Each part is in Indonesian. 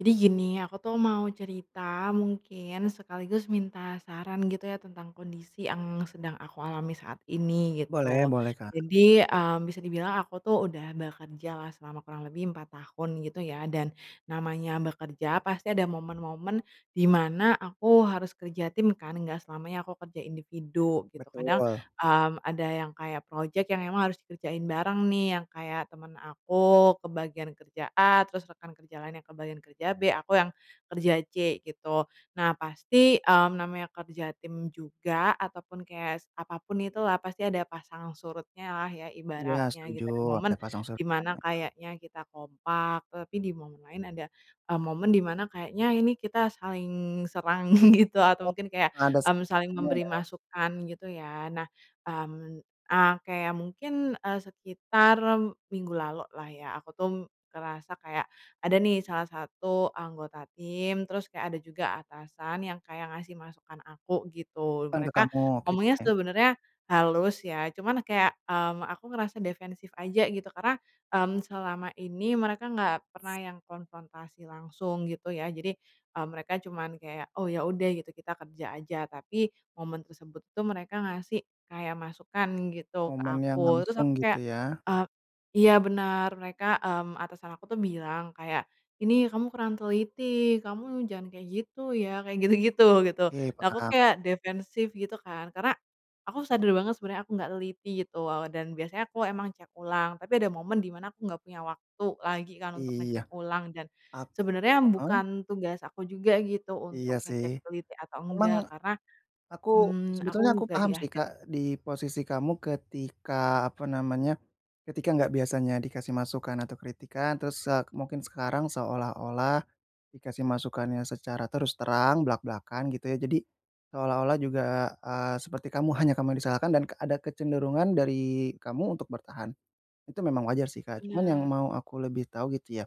Jadi gini, aku tuh mau cerita mungkin sekaligus minta saran gitu ya, tentang kondisi yang sedang aku alami saat ini, Boleh gitu. boleh, Kak. Jadi, mmm, bisa dibilang aku tuh udah bekerjalah selama kurang lebih 4 tahun gitu ya, dan namanya bekerja pasti ada momen-momen di mana aku harus kerja tim kan, nggak selamanya aku kerja individu, gitu. Kadang, Betul. mmm, ada yang kayak project yang emang harus dikerjain bareng nih, yang kayak temen aku ke bagian kerja A, terus rekan kerja lainnya kebagian kerja B, aku yang kerja C gitu. Nah pasti, mmm, namanya kerja tim juga, ataupun kayak apapun itulah pasti ada pasang surutnya lah ya, Iya ibaratnya setuju, gitu. Ada ada momen, pasang di surut kan mana ya. kayaknya kita kompak, tapi di momen lain ada, e momen di mana kayaknya ini kita saling serang, gitu. Atau Oh, mungkin kayak, ada mmm, saling serem-seremnya memberi ya? masukan, gitu ya. Nah, mmm, e kayak mungkin, eee, sekitar minggu lalu lah ya, aku tuh ngerasa kayak, ada nih salah satu anggota tim, terus kayak ada juga atasan yang kayak ngasih masukan aku, gitu. Kan ke Mereka kamu, oke. ngomongnya sebenarnya halus ya cuman kayak, mmm, aku ngerasa defensif aja gitu, karena, mmm, selama ini mereka nggak pernah yang konfrontasi langsung, gitu ya. Jadi, e mereka cuman kayak oh ya udah, gitu kita kerja aja. Tapi momen tersebut itu mereka ngasih kayak masukan gitu ke Ngomongnya aku, terus langsung, aku gitu kayak, ya? eee iya benar, mereka, mmm, atasan aku tuh bilang kayak, "ini kamu kurang teliti, kamu jangan kayak gitu ya" kayak gitu-gitu gitu. Oke. Nah aku Paham. kayak defensif gitu kan, karena aku sadar banget sebenarnya aku nggak teliti gitu, dan biasanya aku emang cek ulang. Tapi ada momen di mana aku nggak punya waktu lagi kan untuk Iya. ngecek ulang dan, Ak sebenarnya heeh? bukan tugas aku juga gitu Iya untuk sih, ngecek teliti atau emang enggak, karena, aku mmm, aku sebetulnya aku nggak di paham sih akhir. Kak, di posisi kamu ketika, apa namanya, ketika enggak biasanya dikasih masukan atau kritikan terus se mungkin sekarang seolah-olah, dikasih masukannya secara terus terang, blak-blakan gitu ya. Jadi, seolah-olah juga, e eee, seperti kamu hanya kamu disalahkan dan ada kecenderungan dari kamu untuk bertahan. Itu memang wajar sih Kak, cuman yang Benar. mau aku lebih tahu gitu ya,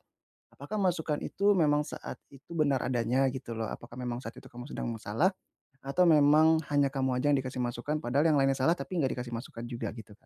apakah masukan itu memang saat itu benar adanya gitu loh, apakah memang saat itu kamu sedang masalah atau memang hanya kamu aja yang dikasih masukan padahal yang lainnya salah, tapi enggak dikasih masukan juga gitu, Kak?